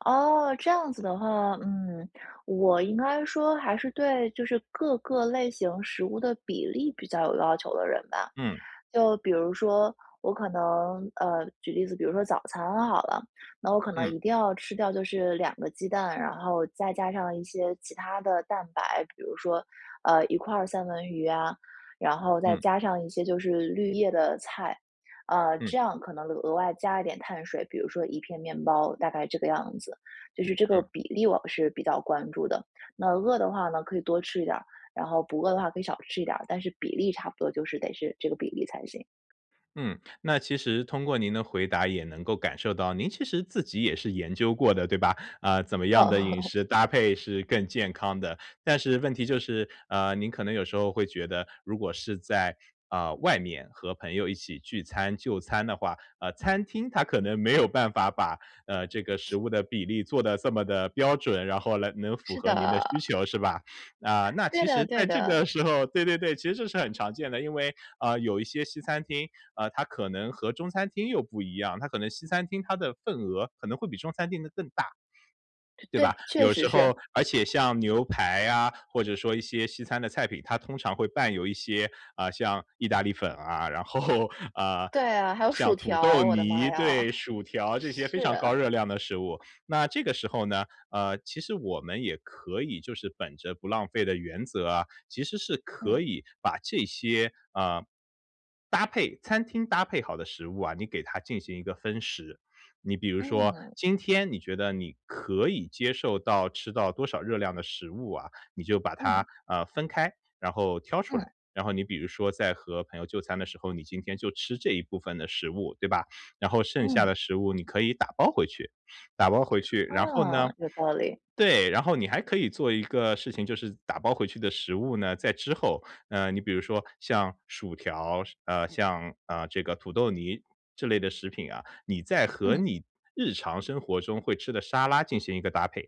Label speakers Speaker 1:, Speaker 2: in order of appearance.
Speaker 1: 哦，这样子的话，嗯，我应该说还是对就是各个类型食物的比例比较有要求的人吧。
Speaker 2: 嗯。
Speaker 1: 就比如说我可能，呃，举例子，比如说早餐好了。那我可能一
Speaker 2: 嗯。
Speaker 1: 定要吃掉就是2个鸡蛋，然后再加上一些其他的蛋白，比如说，呃，1块儿三文鱼啊，然后再
Speaker 2: 嗯。
Speaker 1: 加上一些就是绿叶的菜，啊，
Speaker 2: 嗯。
Speaker 1: 这样可能额外加一点碳水，比如说1片面包，大概这个样子。就是这个
Speaker 2: 嗯。
Speaker 1: 比例我是比较关注的，那饿的话呢可以多吃一点儿，然后不饿的话可以少吃一点儿，但是比例差不多就是得是这个比例才行。
Speaker 2: 嗯，那其实通过您的回答也能够感受到您其实自己也是研究过的对吧？呃，怎么样的饮 食搭配是更健康的。但是问题就是，呃，您可能有时候会觉得，如果是在，呃，外面和朋友一起聚餐、就餐的话，呃，餐厅它可能没有办法把，呃，这个食物的比例做得这么地标准，然后来能符
Speaker 1: 是
Speaker 2: 合您的需
Speaker 1: 的。
Speaker 2: 求是吧？啊，那
Speaker 1: 对
Speaker 2: 其
Speaker 1: 的
Speaker 2: 实
Speaker 1: 对
Speaker 2: 在这
Speaker 1: 的。
Speaker 2: 个时候对对对，其实这是很常见的。因为，呃，有一些西餐厅，呃，它可能和中餐厅又不一样，它可能西餐厅它的份额可能会比中餐厅的更大，
Speaker 1: 对，
Speaker 2: 对吧？
Speaker 1: 确
Speaker 2: 有
Speaker 1: 实
Speaker 2: 时
Speaker 1: 是。
Speaker 2: 候而且像牛排啊，或者说一些西餐的菜品它通常会伴有一些，呃，像意大利粉啊，然后，呃，
Speaker 1: 对啊，还有
Speaker 2: 像
Speaker 1: 薯
Speaker 2: 土
Speaker 1: 条，
Speaker 2: 豆
Speaker 1: 我的妈
Speaker 2: 泥，
Speaker 1: 呀。
Speaker 2: 对，薯条这些非常高
Speaker 1: 是。
Speaker 2: 热量的食物。那这个时候呢，呃，其实我们也可以就是本着不浪费的原则啊，其实是
Speaker 1: 嗯。
Speaker 2: 可以把这些，呃，搭配餐厅搭配好的食物啊，你给它进行一个分食。你比如说
Speaker 1: 嗯。
Speaker 2: 今天你觉得你可以接受到吃到多少热量的食物啊，你就把
Speaker 1: 嗯。
Speaker 2: 它，呃，分开，然后挑出
Speaker 1: 嗯。
Speaker 2: 来。然后你比如说在和朋友就餐的时候，你今天就吃这一部分的食物，对吧？然后剩下
Speaker 1: 嗯。
Speaker 2: 的食物你可以打包回去。打包回去，然后呢
Speaker 1: 哦，有道理。
Speaker 2: 对，然后你还可以做一个事情，就是打包回去的食物呢，在之后，呃，你比如说像薯条，呃，像，呃，这个土豆泥这类的食品啊，你再和
Speaker 1: 嗯。
Speaker 2: 你日常生活中会吃的沙拉进行一个搭配。